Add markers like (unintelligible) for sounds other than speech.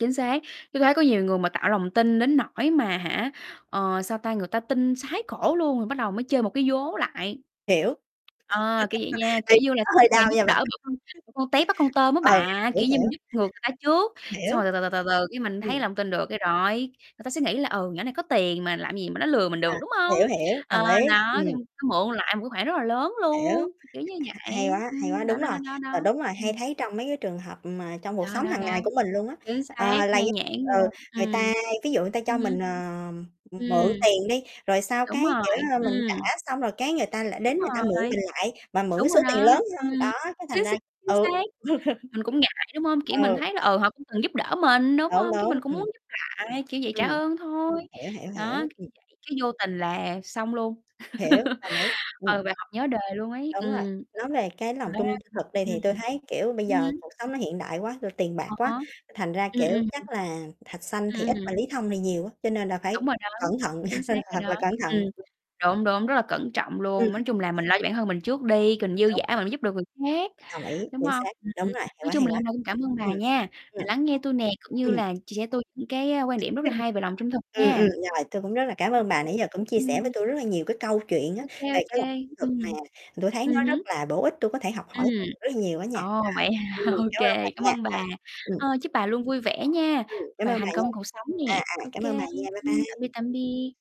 Chính xác, tui thấy có nhiều người mà tạo lòng tin đến nỗi mà hả, ờ, sao ta, người ta tin sái cổ luôn rồi bắt đầu mới chơi một cái vố lại. Hiểu. Ờ, kiểu vậy nha, (laughs) kiểu Tim như là, nó sẵn hơi sàng đau giúp nha đỡ bà. bỏ con bỏ con tép bắt con tôm á Ừ, bà, hiểu, kiểu như, mình hiểu. giúp ngược người ta trước, xong Hiểu. rồi từ từ, từ từ từ cái mình thấy Ừm. lòng tin được cái rồi, người ta sẽ nghĩ là, ừ, nhỏ này có tiền mà làm gì mà nó lừa mình À, được, đúng không? hiểu, hiểu, Ờ, đồng ý. đó, thì Ừm. xong mượn lại một cái khoản rất là lớn Hiểu, luôn, k kiểu như hay vậy, quá, hay quá, ừm, đó, đúng rồi. đó, đó, đó. Ờ, đúng rồi, hay Ừm. thấy trong mấy cái trường hợp, ừm, mà trong cuộc Đó, sống đó, hằng ngày đó, của mình luôn á. chính xác, Ờ, là nhan (unintelligible) nhãn ừ, luôn, người ừm. ta ví dụ người ta Ừ cho hứ. mình, ờ, ừm, mượn Ừm. tiền đi, rồi sau Đúng cái, kiểu, rồi, ơ, mình trả ừm. xong rồi cái người ta lại Đúng đến người ta mượn rồi. mình lại mà mượn cái Đúng số rồi tiền đó, lớn ừm, hơn, đó, cái thành chính x ra chính ừ. xác, mình cũng ngại, đúng (chuckles) không? Kiểu, mình Ừ. thấy là, ờ, họ cũng từng giúp đỡ mình, đúng Đúng, không? Cái đúng, mình cũng muốn ừm. giúp lại, kiểu vậy, trả Ừm. ơn thôi. Hiểu, hiểu, Đó, hiểu. Ừm. kiểu vậy cái vô tình là xong luôn. Hiểu, đồng ý, (laughs) Ừ, ừm. bài học nhớ đời luôn ấy, Đúng rồi, ừm. nói về cái Thì lòng nói ra trung thực đi ừm, thì ừm, tui thấy, kiểu, bây ừm. Ừm giờ hưm, cuộc xác sống nó hiện đại quá, rồi tiền bạc À quá, há. thành ra, Ưm, ưm, kiểu, hừm. chắc là Thạch Sanh thì Ưm, ít mà hừm. Lý Thông thì nhiều á, cho nên là phải Đúng rồi đó, cẩn thận, chính (chuckles) nên xác rồi thật đó, là cẩn ừm. thận. Đúng, đúng, rất là cẩn trọng Ừm. luôn, nói chung là mình lo cho bản thân mình trước đi, còn dư Đúng. giả mình giúp được người khác, Đồng ý, đúng chính không? xác, Ừm, đúng ừm, rồi, hay nói quá, chung hay là quá. hôm nay cũng cảm ơn bà Ừm, nha ừm. đã lắng nghe tui nè, cũng như Ừm. là chia sẻ tui những cái, a, quan điểm rất là (unintelligible) hay về lòng trung thực Ừm, ừm, nha. rồi, tui cũng rất là cảm ơn bà Ô kê, nãy giờ cũng chia ưm, sẻ ừm. với tui rất là nhiều cái câu chuyện á Ô về kê, ô cái kê, lòng trung thực ừm. mà tui thấy Ừ nó rất hứ. là bổ ích, tui có thể học hỏi Ừm, (unintelligible) rất là nhiều á nha. ồ, vậy Rồi, hả? ừm, Ô cảm ơn bà kê, cảm nha, ơn rồi. bà, Ừm. ơ, chúc bà luôn vui vẻ nha Ừm, cảm và ơn bà thành nha. công cuộc sống nè. À, à, Ô cảm ơn bà kê, nha, bye ưm, bye. tạm biệt, tạm biệt.